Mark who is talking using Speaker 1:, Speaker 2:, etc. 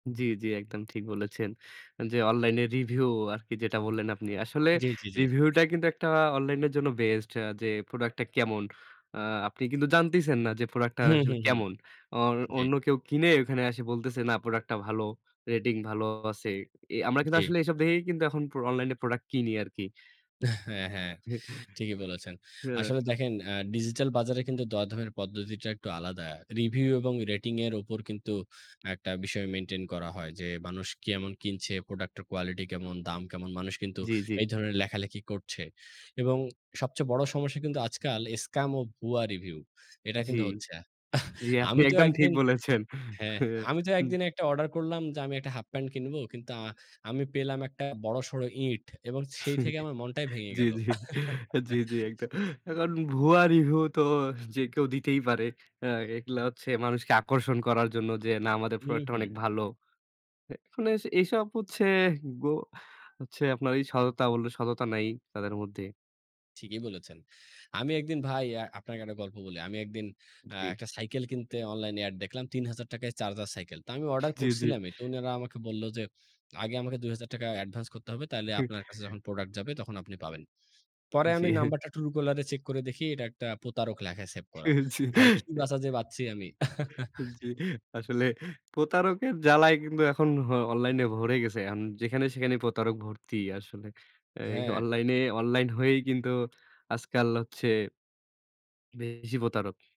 Speaker 1: জি, জি, একদম ঠিক বলেছেন। যে অনলাইন রিভিউ আরকি যেটা বললেন, আপনি। আসলে
Speaker 2: জি, জি, জি।
Speaker 1: রিভিউটা কিন্তু একটা অনলাইন এর জন্য বেস্ট। আ যে প্রোডাক্টটা কেমন? আ আপনি কিন্তু জানতেছেন না। যে প্রোডাক্টটা র
Speaker 2: হু,
Speaker 1: আসলে
Speaker 2: হু, হু,
Speaker 1: কেমন। আর
Speaker 2: জি।
Speaker 1: অন্য কেউ কিনে ওখানে আসে বলতেছে। না, প্রোডাক্টটা ভালো, রেটিং ভালো আছে। এ আমরা কিন্তু
Speaker 2: জি।
Speaker 1: আসলে এসব দেখেই কিন্তু এখন প্র অনলাইন প্রোডাক্ট কিনি আরকি।
Speaker 2: হ্যাঁ, হ্যাঁ,
Speaker 1: জি,
Speaker 2: ঠিকই বলেছেন।
Speaker 1: হ্যাঁ।
Speaker 2: আসলে দেখেন আ ডিজিটাল বাজারে কিন্তু দরদামের পদ্ধতিটা একটু আলাদা। রিভিউ এবং রেটিং এর উপর কিন্তু একটা বিষয় মেইনটেইন করা হয়। যে মানুষ কেমন কিনছে, প্রোডাক্ট এর কোয়ালিটি কেমন, দাম কেমন মানুষ কিন্তু
Speaker 1: জি, জি।
Speaker 2: এই ধরনের লেখালেখি করছে এবং সবচেয়ে বড় সমস্যা কিন্তু আজকাল স্কাম ও ভুয়া রিভিউ। এটা
Speaker 1: জি,
Speaker 2: কিন্তু হচ্ছে। আহ,
Speaker 1: জি, আপনি
Speaker 2: আমি তো
Speaker 1: একদম ঠিক
Speaker 2: একদিন
Speaker 1: বলেছেন।
Speaker 2: হ্যাঁ,
Speaker 1: হ্যাঁ।
Speaker 2: আমি তো
Speaker 1: জি
Speaker 2: একদিন একটা অর্ডার করলাম। যে আমি একটা হাফ প্যান্ট কিনব। আ কিন্তু আমি পেলাম একটা বড়সড় ইট এবং সেই থেকে আমার মনটাই ভেঙে
Speaker 1: জি,
Speaker 2: গেল।
Speaker 1: জি, জি, জি, একদ এখন ভুয়া রিভিউ তো যে কেউ দিতেই পারে। অ্যা এগুলো হচ্ছে মানুষকে আকর্ষণ করার জন্য। যে না আমাদের
Speaker 2: হুম,
Speaker 1: প্রোডাক্টটা
Speaker 2: হুম।
Speaker 1: অনেক ভালো। মানে এস এইসব হচ্ছে গো হচ্ছে আপনার এই সততা, বলল সততা নাই তাদের মধ্যে।
Speaker 2: ঠিকই বলেছেন। আমি একদিন ভাই আ আপনাকে একটা গল্প বলি। আমি একদিন অ্যা
Speaker 1: জি।
Speaker 2: এ একটা সাইকেল কিনতে অনলাইন এড দেখলাম। ৳৩,০০০ চার্জার সাইকেল। তো আমি অর্ডার
Speaker 1: জি, জি।
Speaker 2: করছিলামই। তো উনারা আমাকে বলল যে, আগে আমাকে ৳২,০০০ অ্যাডভান্স করতে হবে। তাইলে
Speaker 1: কি?
Speaker 2: আপনার কাছে যখন প্রোডাক্ট যাবে তখন আপনি পাবেন। পরে আমি
Speaker 1: জি।
Speaker 2: নাম্বারটা Truecaller এ চেক করে দেখি। এটা একটা প্রতারক লেখায় সেভ করা।
Speaker 1: জি,
Speaker 2: ভাই কি
Speaker 1: অ্যা
Speaker 2: বাঁচা যে বাচছি আমি?
Speaker 1: জি, আসলে প্রতারকের জ্বালায় কিন্তু এখন হ অনলাইনে ভরে গেছে। এখন যেখানে সেখানে প্রতারক ভর্তি আসলে। এই
Speaker 2: হ্যাঁ।
Speaker 1: অনলাইনে অনলাইন হয়েই কিন্তু আজকাল হচ্ছে বেশি প্রতারক।